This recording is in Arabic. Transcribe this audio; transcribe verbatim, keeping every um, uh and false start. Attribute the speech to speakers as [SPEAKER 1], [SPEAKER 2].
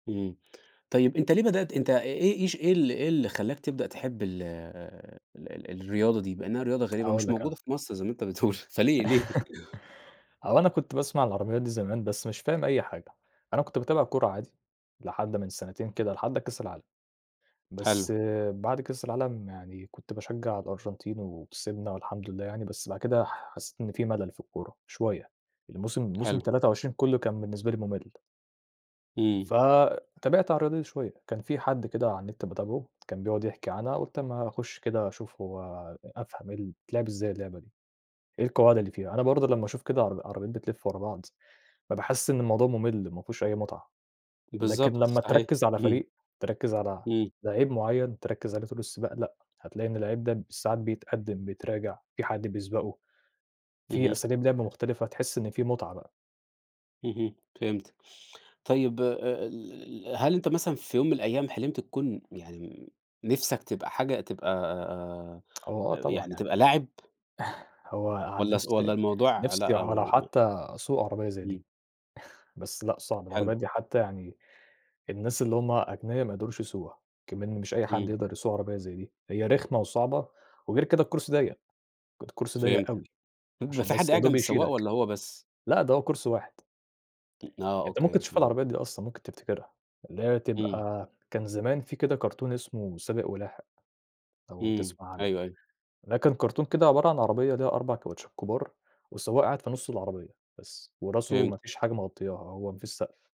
[SPEAKER 1] إمم، طيب أنت ليه بدأت أنت آآ إيه إيش إيه ال إيه اللي خلّاك تبدأ تحب ال ال ال الرياضة دي، مع إنها رياضة غريبة
[SPEAKER 2] أقول
[SPEAKER 1] ومش
[SPEAKER 2] لك
[SPEAKER 1] موجودة
[SPEAKER 2] أنا.
[SPEAKER 1] في مصر زي ما أنت بتقول، فليه ليه؟
[SPEAKER 2] هو أنا كنت باسمع عن العربيات دي زمان، بس مش فاهم أي حاجة. أنا كنت باتابع الكورة عادي لحد من سنتين كده، لحد كاس العالم، بس
[SPEAKER 1] حلو.
[SPEAKER 2] بعد كاس العالم يعني كنت باشجع الأرجنتين وكسبنا والحمد لله يعني بس بعد كده ح حسيت إن في ملل في الكورة شوية، الموسم موسم
[SPEAKER 1] حلو.
[SPEAKER 2] تلاتة وعشرين كلّه كان بالنسبة لي ممل.
[SPEAKER 1] إمم.
[SPEAKER 2] فتابعت عن الرياضة دي شوية، كان في حد كده على النت باتابعه كان بيقعد يحكي عنها، قُلت أمّا أخش كده أشوف هو أفهم إيه ال بتتلعب إزاي اللعبة دي؟ إيه القواعد اللي فيها؟ أنا برضه لمّا أشوف كده عرب عربيات بتلف ورا بعض بابقى حاسس إن الموضوع ممل، ما فيهوش أي متعة، لكن
[SPEAKER 1] بالضبط،
[SPEAKER 2] لمّا
[SPEAKER 1] صحيح،
[SPEAKER 2] تركِّز على
[SPEAKER 1] اهم.
[SPEAKER 2] فريق، تركِّز على
[SPEAKER 1] إمم.
[SPEAKER 2] لعيب معيّن، تركِّز عليه طول السباق، لأ، هتلاقي إن اللعيب ده ساعات بيتقدِّم، بيتراجع، في حد بيسبقه، في
[SPEAKER 1] اهم.
[SPEAKER 2] أساليب لعب مختلفة، تحس إن في متعة بقى.
[SPEAKER 1] اهم، فهمت. طيب آآ ال هل أنت مثلًا في يوم من الأيام حلمت تكون يعني م نفسك تبقى حاجة تبقى آآ،
[SPEAKER 2] هو آه،
[SPEAKER 1] آآ، آآ
[SPEAKER 2] طبعًا
[SPEAKER 1] يعني
[SPEAKER 2] يعني.
[SPEAKER 1] تبقى لاعب؟
[SPEAKER 2] هو عن
[SPEAKER 1] والّا ص والّا
[SPEAKER 2] نفسي
[SPEAKER 1] الموضوع
[SPEAKER 2] نفسي
[SPEAKER 1] لأ
[SPEAKER 2] هو لو
[SPEAKER 1] م
[SPEAKER 2] حتى أسوق عربية زي دي،
[SPEAKER 1] إمم.
[SPEAKER 2] بس لأ، صعب،
[SPEAKER 1] حلو.
[SPEAKER 2] العربيات دي حتى يعني الناس اللي هُم أغنيا ما يقدروش يسوقوها، إكمن مش أي حد
[SPEAKER 1] إمم.
[SPEAKER 2] يقدر يسوق عربية زي دي. هي رخمة وصعبة وغير كده الكرسي ضيق، ك الكرسي ضيق
[SPEAKER 1] فهمتك.
[SPEAKER 2] أوي
[SPEAKER 1] بيبقى
[SPEAKER 2] عشان
[SPEAKER 1] في حد
[SPEAKER 2] بس
[SPEAKER 1] قاعد جنب
[SPEAKER 2] يادوب
[SPEAKER 1] السواق
[SPEAKER 2] يشيلك،
[SPEAKER 1] والّا هو بس؟
[SPEAKER 2] لأ، ده هو كرسي واحد.
[SPEAKER 1] م آه
[SPEAKER 2] أنت ممكن
[SPEAKER 1] أوكي،
[SPEAKER 2] تشوف
[SPEAKER 1] تمام.
[SPEAKER 2] العربيات دي أصلًا ممكن تفتكرها، اللي هي
[SPEAKER 1] إمم.
[SPEAKER 2] تبقى كان زمان في كده كرتون اسمه سابق ولاحق، لو
[SPEAKER 1] إمم
[SPEAKER 2] تسمع عنه.
[SPEAKER 1] أيوه، أيوه.
[SPEAKER 2] ده كان كرتون كده عبارة عن عربية ليها أربع كاوتشات كبار والسواق قاعد في نص العربية بس وراسه ما
[SPEAKER 1] فهمتك.
[SPEAKER 2] فيش حاجة مغطياها، هو ما فيش سقف.